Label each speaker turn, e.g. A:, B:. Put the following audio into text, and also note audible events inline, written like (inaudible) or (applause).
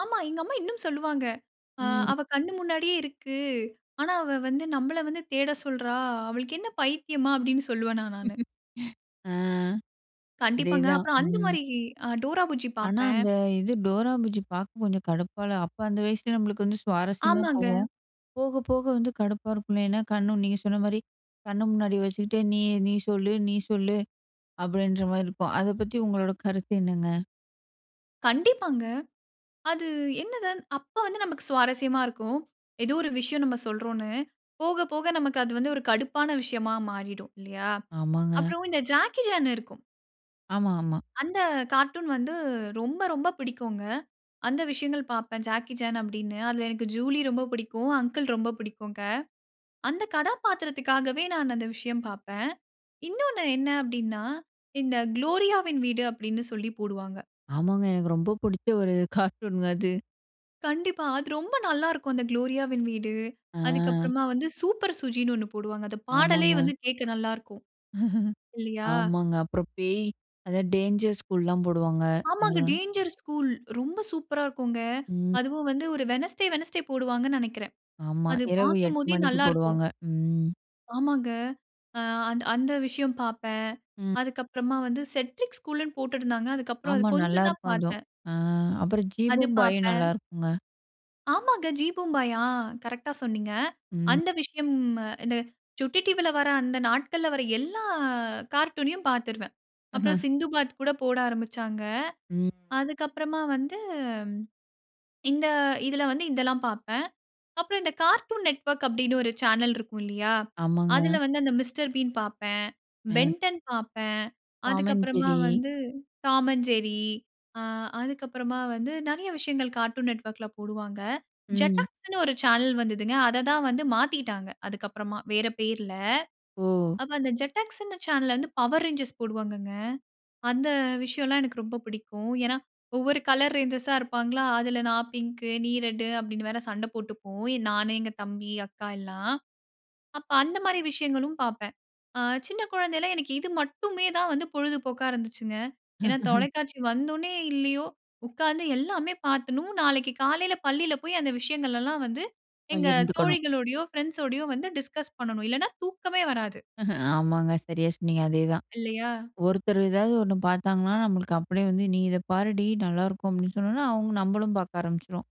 A: ஆமா. எங்க அம்மா இன்னும் சொல்லுவாங்க. அ
B: ம்.
A: அவ கண் முன்னாடியே இருக்கு. ஆனா அவ வந்து நம்ம வந்து தேட சொல்றா. அவளுக்கு என்ன பைத்தியமா? அப்படின்னு சொல்வேன் நான்.
B: ஆ
A: கண்டிப்பாங்க.
B: அதேதான்.
A: அப்புறம் அந்த
B: ம்.
A: மாரி டோரா புஜ்ஜி
B: ஆனா.
A: பார்ப்பேன்.
B: அந்த இது "டோரா புஜ்ஜி" பார்க்க கொஞ்சம் கடுப்பா இல்ல. அப்போ அந்த வயசுலயே நம்மளுக்கு வந்து சுவாரஸ்யமா
A: ஆமாங்க.
B: போகும். போக போக வந்து கடுப்பா இருக்கும். இல்லைன்னா கண்ணு நீங்க சொன்ன மாதிரி கண்ணு முன்னாடி வச்சுக்கிட்டு "நீ நீ சொல்லு நீ சொல்லு." அப்படின்ற மாரி இருக்கும். அத பத்தி உங்களோட கருத்து என்னங்க?
A: கண்டிப்பாங்க. அது என்னது அப்போ வந்து நமக்கு சுவாரஸ்யமா இருக்கும். ஏதோ ஒரு விஷயம் நாம சொல்றோம்ன்னு போக போக நமக்கு அது வந்து ஒரு கடுப்பான விஷயமா மாறிடும் இல்லையா.
B: ஆமாங்க.
A: அப்புறம் இந்த ஜாக்கி சான் இருக்கும்.
B: ஆமா ஆமா.
A: அந்த கார்ட்டூன் வந்து ரொம்ப ரொம்ப பிடிக்குங்க. அந்த விஷயங்கள் பார்ப்பேன் ஜாக்கி சான் அப்படின்னு. அதில எனக்கு ஜூலி ரொம்ப பிடிக்கும். அங்கிள் ரொம்ப பிடிக்கும். அந்த கதாபாத்திரத்திற்காகவே நான் அந்த விஷயம் பார்ப்பேன். இன்னொன்னு என்ன அப்படின்னா இந்த "குளோரியா வின் வீடு" அப்படின்னு சொல்லி போடுவாங்க.
B: ஆமாங்க எனக்கு ரொம்ப பிடிச்ச ஒரு கார்ட்டூனங்க அது.
A: கண்டிப்பா. அது ரொம்ப நல்லா இருக்கும் அந்த "குளோரியா வின் வீடு." அதுக்கு
B: அ.
A: அப்புறமா வந்து "சூப்பர் சுஜின்னு" ஒண்ணு போடுவாங்க. அந்த பாடலே
B: ஆமாங்க.
A: வந்து கேட்க நல்லா இருக்கும்.
B: (laughs)
A: இல்லையா?
B: ஆமாங்க. அப்புறம் பேய் அதான் "டேஞ்சர்ஸ் ஸ்கூல்"லலாம் போடுவாங்க.
A: ஆமாங்க.
B: அதெல்லாம்.
A: டேஞ்சர்ஸ் ஸ்கூல் ரொம்ப சூப்பர்ரா இருக்கும்.
B: ம்.
A: அதுவும் வந்து ஒரு வெட்னஸ்டே, வெட்னஸ்டே போடுவாங்கன்னு நினைக்கிறேன்.
B: ஆமா.
A: அது
B: இரவு
A: பார்க்கும்
B: 8:00
A: போதே
B: மணிக்கு
A: நல்லா இருக்கும்.
B: போடுவாங்க.
A: ஆமாங்க. அந்த விஷயம் பார்ப்பேன்.
B: ம்.
A: அதுக்கு அப்புறமா வந்து "செட்ரிக் ஸ்கூல்ன்னு" போட்டிருந்தாங்க. அதுக்கு அப்புறம் அது
B: ஆமா
A: கொஞ்சம் தான்
B: நல்லாயிருக்கும் அதுவும்.
A: பார்த்தேன்.
B: அப்புறம்
A: அது
B: "ஜீபூம் பாயும்"
A: பார்ப்பேன்.
B: நல்லாருக்குங்க.
A: ஆமாங்க "ஜீ பூம்பாயா" கரெக்ட்டா சொன்னீங்க.
B: ம்.
A: அந்த விஷயம் இந்த சுட்டி டிவில வர்ற அந்த நாட்கள்ல வர்ற எல்லா கார்ட்டூன்யும் பாத்துடுவேன்.
B: அஹ.
A: அப்புறம் "சிந்து பாத்" கூட போட ஆரம்பிச்சாங்க.
B: ம்.
A: அதுக்கு அப்புறமா வந்து, இந்த இதில வந்து இதெல்லாம் பார்ப்பேன். அப்புறம் இந்த 'கார்ட்டூன் நெட்வொர்க்' அப்படின்னு ஒரு சேனல் இருக்கும் இல்லையா.
B: ஆமாங்க.
A: அதில வந்து அந்த 'மிஸ்டர் பீன்' பார்ப்பேன்.
B: ம்.
A: "பென்டன்" பார்ப்பேன்.
B: டாம்
A: அதற்கு
B: அண்ட்
A: அப்புறமா
B: ஜெர்ரி.
A: வந்து "டாம் அண்ட் ஜெர்ரி." ஆ அதுக்கு அப்புறமா வந்து நிறைய விஷயங்கள் கார்ட்டூன் நெட்வொர்க்ல போடுவாங்க.
B: ம்.
A: ஜெட்டாக்ஸ்ன்னு ஒரு சேனல் வந்தது. அதை தான் வந்து மாற்றிட்டாங்க. அதுக்கு அப்புறமா வேற பெயர்ல.
B: ஓ!
A: அப்போ அந்த ஜெட்டாக்ஸ்னு சேனல்ல வந்து 'பவர் ரேஞ்சர்ஸ்' போடுவாங்கங்க. அந்த விஷயம்லாம் எனக்கு ரொம்ப பிடிக்கும். ஏன்னா ஒவ்வொரு கலர் ரேஞ்சர்ஸா இருப்பாங்களா. அதில "நான் பிங்கு நீ ரெட்" அப்படின்னு வேற சண்டை போட்டுப்போம். நான் எங்க தம்பி அக்கா எல்லாம். அப்போ அந்த மாதிரி விஷயங்களும் பார்ப்பேன். சின்ன குழந்தையில எனக்கு இது மட்டுமே தான் வந்து பொழுதுபோக்கா இருந்துச்சுங்க. ஏன்னா
B: (chuckles)
A: தொலைக்காட்சி வந்தோனே இல்லையோ உட்காந்து எல்லாமே பார்த்துணும். நாளைக்கு காலையில பள்ளியில போய் அந்த விஷயங்கள்லாம் வந்து எங்க
B: இருந்துக்கணும்.
A: தோழிகளோடையோ ஃப்ரெண்ட்ஸோடையோ வந்து டிஸ்கஸ் பண்ணணும். இல்லன்னா தூக்கமே வராது.
B: (chuckles) ஆமாங்க. சரியா சொன்னீங்க. அதேதான்
A: இல்லையா?
B: ஒருத்தர் ஏதாவது ஒன்னு பார்த்தாங்கன்னா, நம்மளுக்கு அப்படியே வந்து "நீ இத பாருடி நல்லாயிருக்கும்." அப்படின்னு சொன்னோனே, அவங்க நம்மளும் பார்க்க ஆரம்பிச்சுடுவோம்.